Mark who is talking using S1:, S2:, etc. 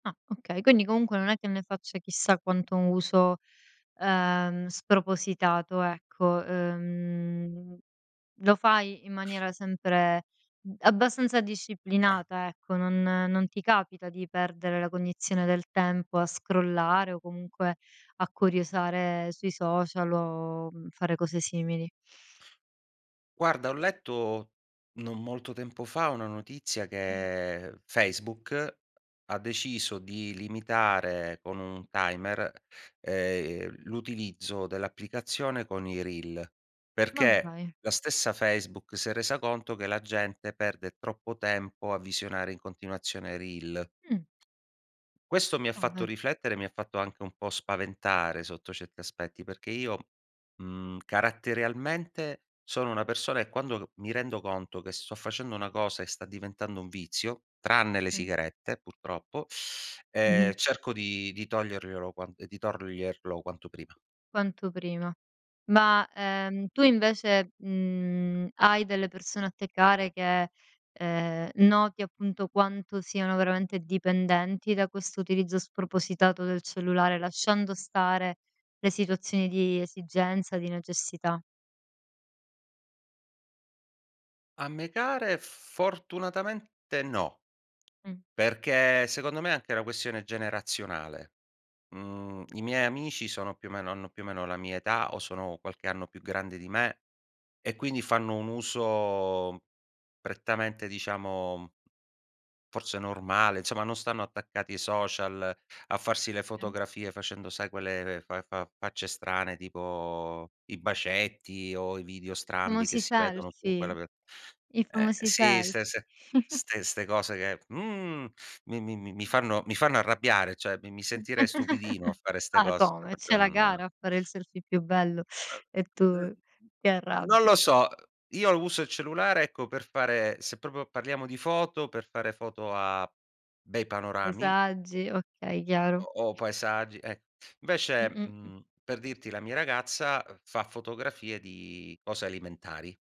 S1: Ah, okay. Quindi comunque non è che ne faccia chissà quanto uso, ehm, spropositato, ecco. Ehm, lo fai in maniera sempre, mhmm, abbastanza disciplinata, ecco, non non ti capita di perdere la cognizione del tempo a scrollare o comunque a curiosare sui social o fare cose simili.
S2: Guarda, ho letto, non molto tempo fa, una notizia che Facebook, ha deciso di limitare con un timer, ehm, l'utilizzo dell'applicazione con i reel,
S1: Ma
S2: perché
S1: dai.
S2: la stessa Facebook si è resa conto che la gente perde troppo tempo a visionare in continuazione reel.
S1: Mh.
S2: Questo mi ha
S1: Ah,
S2: fatto
S1: beh.
S2: riflettere, mi ha fatto anche un po' spaventare sotto certi aspetti, perché io, mhmm, caratterialmente sono una persona che quando mi rendo conto che sto facendo una cosa e sta diventando un vizio, tranne le
S1: Mh.
S2: sigarette purtroppo,
S1: Mh-mh.
S2: ehm, cerco di di togliermelo ehm, di toglierlo quanto prima.
S1: Quanto prima. Ma, ehm, tu invece, mhmm, hai delle persone a te care che, ehm, noti appunto quanto siano veramente dipendenti da questo utilizzo spropositato del cellulare? Lasciando stare le situazioni di esigenza, di necessità.
S2: A me care fortunatamente no,
S1: Mh.
S2: perché secondo me è anche una questione generazionale. Mhmm, i miei amici sono più o meno hanno più o meno la mia età, o sono qualche anno più grande di me, e quindi fanno un uso prettamente, diciamo, forse normale, insomma, non stanno attaccati ai social a farsi le fotografie facendo, sai, quelle fa fa facce strane tipo i bacetti, o i video strambi che
S1: Famosi
S2: si vedono con
S1: selfie.
S2: quella [unintelligible]
S1: I
S2: eh
S1: famosi
S2: sì,
S1: sel
S2: ste ste ste cose che, mhmm, mi mi mi mi fanno mi fanno arrabbiare, cioè mi mi sentirei stupidino a fare 'ste
S1: Ma
S2: cose, cioè
S1: come?
S2: proprio
S1: C'è la
S2: non
S1: gara a fare il selfie più bello e
S2: Uhm,
S1: tu ti
S2: mhmm, non
S1: arrabbi.
S2: lo so. Io uso il cellulare ecco, per fare se proprio parliamo di foto, per fare foto a bei panorami
S1: [unintelligible] okay, chiaro.
S2: o o paesaggi, eh
S1: Mh,
S2: invece,
S1: mh, mh.
S2: mhmm, per dirti la mia ragazza fa fotografie di cose alimentari.